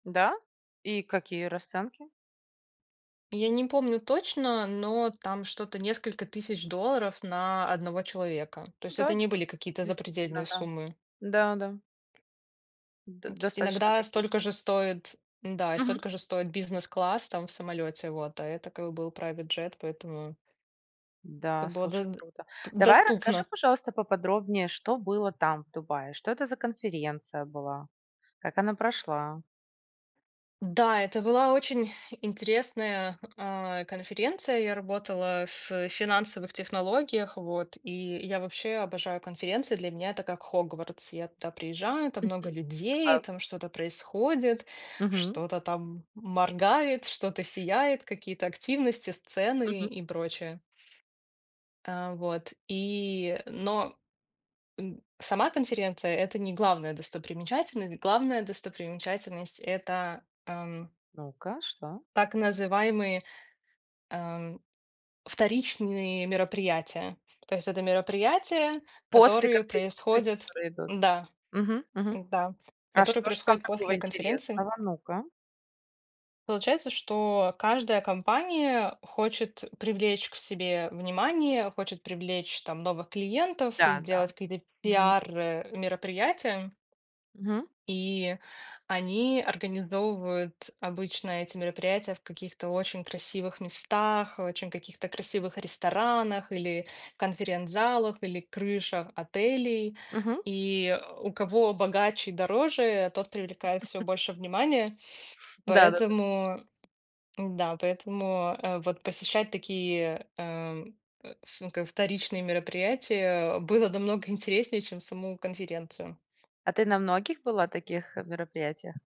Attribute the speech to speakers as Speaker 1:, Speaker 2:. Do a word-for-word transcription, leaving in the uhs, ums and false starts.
Speaker 1: Да? И какие расценки?
Speaker 2: Я не помню точно, но там что-то несколько тысяч долларов на одного человека. То есть это
Speaker 1: Да, дь
Speaker 2: не были какие-то
Speaker 1: действительно,
Speaker 2: запредельные
Speaker 1: да.
Speaker 2: суммы.
Speaker 1: Да, да. Д
Speaker 2: Ну, то есть
Speaker 1: достаточно
Speaker 2: иногда
Speaker 1: такие
Speaker 2: столько же стоит, м-да, и
Speaker 1: Мгм.
Speaker 2: столько же стоит бизнес-класс там в самолете вот, а это как был private jet, поэтому это
Speaker 1: Да,
Speaker 2: было до
Speaker 1: слушай,
Speaker 2: д
Speaker 1: круто. Давай, расскажи,
Speaker 2: доступно.
Speaker 1: пожалуйста, поподробнее, что было там, в Дубае? Что это за конференция была? Как она прошла?
Speaker 2: Да, это была очень интересная, а, конференция. И я работала ф финансовых технологиях. Вот, и я вообще обожаю конференции. Для меня это как "Хогвартс". Я туда приезжаю, там много
Speaker 1: Мгм.
Speaker 2: людей,
Speaker 1: Класс.
Speaker 2: там что-то происходит,
Speaker 1: Мгм.
Speaker 2: что-то там моргает, что-то сияет, какие-то активности, сцены
Speaker 1: Мгм.
Speaker 2: и прочее. А вот и, но, м, сама конференция- это не главная достопримечательность. Главная достопримечательность- это, ам
Speaker 1: Ну-ка, что?
Speaker 2: так называемые, ам, вторичные мероприятия. То есть это мероприятия,
Speaker 1: После
Speaker 2: которые
Speaker 1: конференции,
Speaker 2: происходят
Speaker 1: которые идут?
Speaker 2: Да.
Speaker 1: Мгм, мгм.
Speaker 2: М-да.
Speaker 1: А
Speaker 2: Которые
Speaker 1: что же там
Speaker 2: происходят
Speaker 1: такого
Speaker 2: после конференции.
Speaker 1: интересного? Ну-ка.
Speaker 2: Получается, что каждая компания хочет привлечь к себе внимание, хочет привлечь там новых клиентов и
Speaker 1: Да, да.
Speaker 2: делать какие-то
Speaker 1: Мгм.
Speaker 2: пиар, э, мероприятия
Speaker 1: Мгм.
Speaker 2: и они организовывают обычно эти мероприятия в каких-то очень красивых местах, в очень каких-то красивых ресторанах, или конференц-залах, или крышах отелей.
Speaker 1: Мгм.
Speaker 2: И у кого богаче и дороже, тот привлекает всё больше внимания,
Speaker 1: Да-да-да.
Speaker 2: поэтому М-да, поэтому, а, вот посещать такие, ам, э, ф ну, как вторичные мероприятия было намного интереснее, чем саму конференцию.
Speaker 1: А ты на многих была таких, э, мероприятиях?